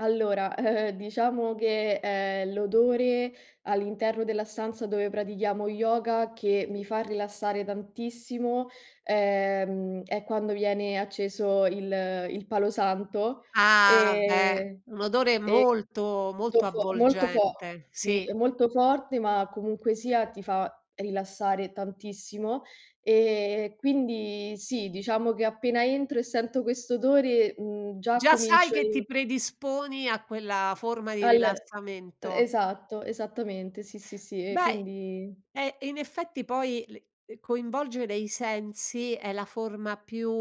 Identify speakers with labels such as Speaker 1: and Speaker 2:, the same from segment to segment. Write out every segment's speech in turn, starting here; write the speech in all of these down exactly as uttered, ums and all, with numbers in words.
Speaker 1: Allora, diciamo che, ehm, l'odore all'interno della stanza dove pratichiamo yoga che mi fa rilassare tantissimo, ehm, è quando viene acceso il il palo santo.
Speaker 2: Ah, beh,
Speaker 1: Ehm,
Speaker 2: un odore
Speaker 1: è
Speaker 2: molto,
Speaker 1: to
Speaker 2: molto
Speaker 1: fo molto fo
Speaker 2: avvolgente,
Speaker 1: sì, è
Speaker 2: sì.
Speaker 1: molto forte, ma comunque sia ti fa rilassare tantissimo. Ehm, quindi sì, diciamo che appena entro e sento questo odore, mhmm, già
Speaker 2: Già sai
Speaker 1: comincio
Speaker 2: che ti
Speaker 1: il
Speaker 2: predisponi a quella forma di
Speaker 1: All e
Speaker 2: rilassamento.
Speaker 1: esatto, esattamente, sì, sì, sì. E
Speaker 2: Beh
Speaker 1: quindi
Speaker 2: eh, in effetti poi le ehm, coinvolgere i sensi è la forma più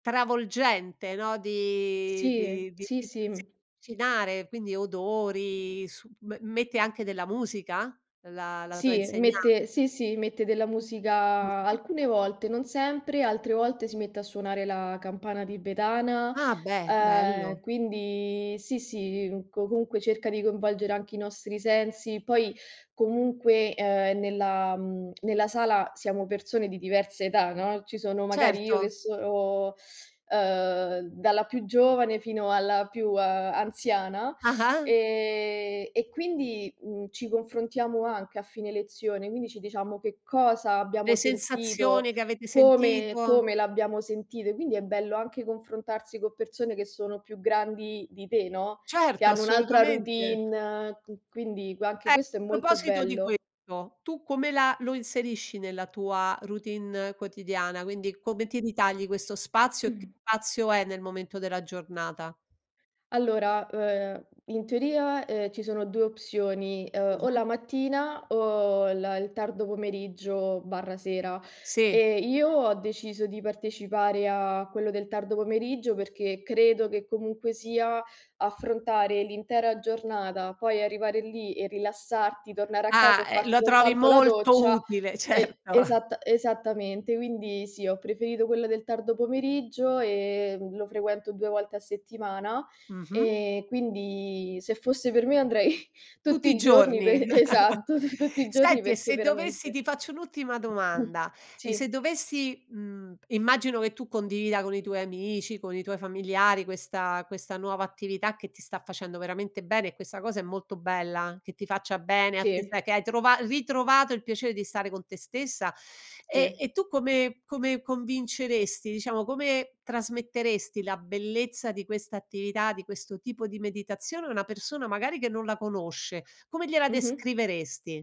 Speaker 2: travolgente, no, di
Speaker 1: Sì, eh.
Speaker 2: di di
Speaker 1: Sì,
Speaker 2: di
Speaker 1: sì,
Speaker 2: sì,
Speaker 1: mh.
Speaker 2: avvicinare, quindi odori, su m mette anche della musica la la tua
Speaker 1: Sì e
Speaker 2: insegnante?
Speaker 1: mette sì, sì, mette della musica,
Speaker 2: Mh.
Speaker 1: alcune volte, non sempre, altre volte si mette a suonare la campana tibetana;
Speaker 2: Ah beh,
Speaker 1: ehm,
Speaker 2: bello.
Speaker 1: quindi sì, sì, comunque cerca di coinvolgere anche i nostri sensi. Poi, comunque, ehm nella mhmm, nella sala siamo persone di diversa età, no: ci sono magari io che
Speaker 2: Certo.
Speaker 1: sono ehm, dalla più giovane fino alla più anziana;
Speaker 2: Ah-ah.
Speaker 1: ehm, e quindi, uhm, ci confrontiamo anche a fine lezione, quindi ci diciamo che cosa abbiamo
Speaker 2: Le
Speaker 1: sentito,
Speaker 2: sensazioni che avete
Speaker 1: come
Speaker 2: sentito.
Speaker 1: come l'abbiamo sentito. Quindi è bello anche confrontarsi con persone che sono più grandi di te, no, che
Speaker 2: Certo,
Speaker 1: hanno un'altra
Speaker 2: assolutamente.
Speaker 1: routine, qui quindi gua anche questo
Speaker 2: Ecco,
Speaker 1: è
Speaker 2: a
Speaker 1: molto
Speaker 2: proposito di
Speaker 1: bello.
Speaker 2: questo: tu come la lo inserisci nella tua routine quotidiana? Quindi come ti ritagli questo spazio e che
Speaker 1: Mh.
Speaker 2: spazio è nel momento della giornata?
Speaker 1: Allora, e ehm, in teoria, ehm, ci sono due opzioni: ehm, o
Speaker 2: [unintelligible]
Speaker 1: la mattina o il tardo pomeriggio barra sera.
Speaker 2: Sì.
Speaker 1: Ehm, io ho deciso di partecipare a quello del tardo pomeriggio, perché credo che comunque sia, affrontare l'intera giornata, poi arrivare lì e rilassarti, tornare a casa
Speaker 2: Ah,
Speaker 1: e
Speaker 2: ehm,
Speaker 1: farti
Speaker 2: lo trovi
Speaker 1: soltanto la
Speaker 2: molto
Speaker 1: doccia,
Speaker 2: utile,
Speaker 1: e
Speaker 2: certo.
Speaker 1: esatta esattamente. Quindi sì, ho preferito quella del tardo pomeriggio e lo frequento due volte a settimana;
Speaker 2: Mh-mh.
Speaker 1: ehm, quindi se fosse per me andrei tutti
Speaker 2: Tutti i
Speaker 1: i giorni
Speaker 2: giorni.
Speaker 1: per esatto, tutti i giorni
Speaker 2: Senti e
Speaker 1: perché
Speaker 2: se dovessi
Speaker 1: veramente.
Speaker 2: ti faccio un'ultima domanda, e
Speaker 1: Sì.
Speaker 2: se dovessi mhmm, immagino che tu condivida con i tuoi amici, con i tuoi familiari questa questa nuova attività che ti sta facendo veramente bene e questa cosa è molto bella, che ti faccia bene a te,
Speaker 1: Sì.
Speaker 2: sai che hai trovato ritrovato il piacere di stare con te stessa; e
Speaker 1: Sì.
Speaker 2: e tu come come convinceresti diciamo, come trasmetteresti la bellezza di questa attività, di questo tipo di meditazione a una persona magari che non la conosce? Come gliela
Speaker 1: Mh-mh.
Speaker 2: descriveresti?